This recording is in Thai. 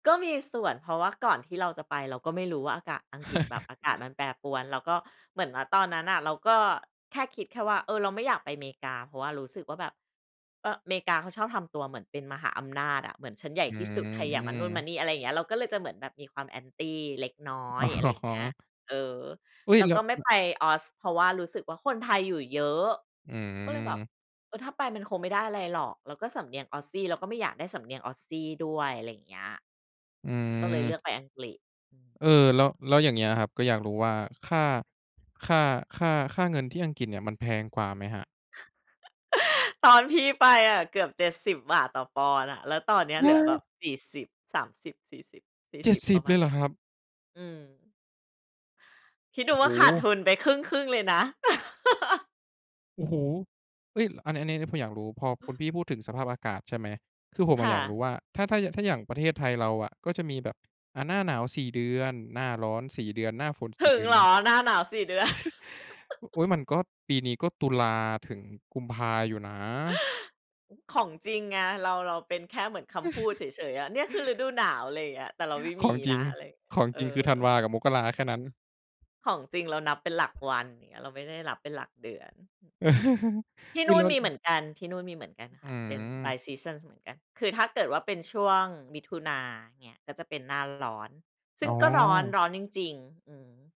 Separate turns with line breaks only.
ก็มีส่วน เพราะว่าก่อนที่เราจะไป เราก็ไม่รู้ว่า อากาศอังกฤษ แบบอากาศมันแปรปรวน แล้วก็เหมือนว่าตอนนั้นน่ะ เราก็แค่คิดแค่ว่า เออ เราไม่อยากไปเมกา เพราะว่ารู้สึกว่าแบบ เออ เมกาเขาชอบทำตัวเหมือนเป็นมหาอำนาจอะ เหมือนฉันใหญ่
อื
ที่สุด ใครอย่ามานู่นมา
ม
นี่ อะไรอย่างเงี้ย เราก็เลยจะเหมือนแบบมีความ Anti เล็กน้อ
อ
ย
๋
อะไรอย่างเงี้ย
อ
เออ
อุ๊
แ
ย!
ล้ว
แล้
ก็
ว
ไม่
ล
ไปออส เพราะว่ารู้สึกว่า คนไทยอยู่เยอะ
อื
ก็เลยแบบ
อ
เออ ถ้าไปมันคงไม่ได้อะไรหรอก แล้วก็สำเนียงออสซี่ เราก็ไม่อยากได้สำเนียงออสซี่ด้วย อะไรอย่างเงี้ย
อื
ก็เลยเล
อ
ือกไปอังกฤษ อือ
เออ แล้ว แล้วอย่างเงี้ยครับ ก็อยากรู้ว่าค่า ค่า ค่า ค่าเงินที่อังกฤษเนี่ยมันแพงกว่าไหมครับ?
ตอนพี่ไปอะเกือบ 70 บาทต่อปอนด์น่ะ แล้วตอนเนี้ย
ว
เหล
้
ื
า
อแบบ
ย!
สี่สิบสามสิบสี่สิบสี่
เจ็
ส
ด
ิบ
สิ
ปร
บ
ะม
เล
าณ
ยเห
เ
ร
นี้
อ
ย
ครับ?
อืม คิด
โอ
ด
้
ูว
โ
่าขาดท
ฮ!
ุนไปครึ่ง ๆ เลยนะ
โอ้โฮ! เอ๊ย อันนี้ อันนี้ผมอยากรู้ พอคุณพี่พูดถึงสภาพอากาศ ใช่ไหม คือผมอ
ค
ะ
่
อยาก
ะ
รู้ว่า ถ้า ถ้า ย ถ้าอย่างประเทศไทยเราอะ ก็จะมีแบบ อ่า หน้าหนาว 4 เดือน หน้าร้อน 4 เดือนหน้าฝน ส
ถ
ี่
ึ
เด
ง
ือน
เหร
เง
อ
ี้ย
หน้าหนาว 4 เดือน?
โอ๊ย มันก็ปีนี้ ก็ตุลาถึงกุมภาอยู่นะ
ของจริงไง เรา เราเป็นแค่เหมือนคำพูดเฉย ๆ อะ เนี่ยคือฤดูหนาว อะไรอย่างเงี้ย แต่เราไม่
ข
ม
อ
ี
งจร
น
ิง
ะ อะไรเงี้ย
ของ
เออ
จริง คือธันวากับมกราแค่นั้น
ของจริงเรานับเป็นหลักวันอย่างเงี้ย เราไม่ได้นับเป็นหลักเดือน ที่
ไม
น
่
ู่น
ล
มีเหมื
ด
อนกัน ที่นู่นมีเหมือนกัน
อื
ค่ะ เป็นปลา
ม
ยซีซันเหมือนกัน คือถ้าเกิดว่าเป็นช่วงมิถุนาอย่างเงี้ย ก็จะเป็นหน้าร้อน ซ
อ
ึ่
๋
งก็ร้อน
อ
ร้อนจริง ๆ อืม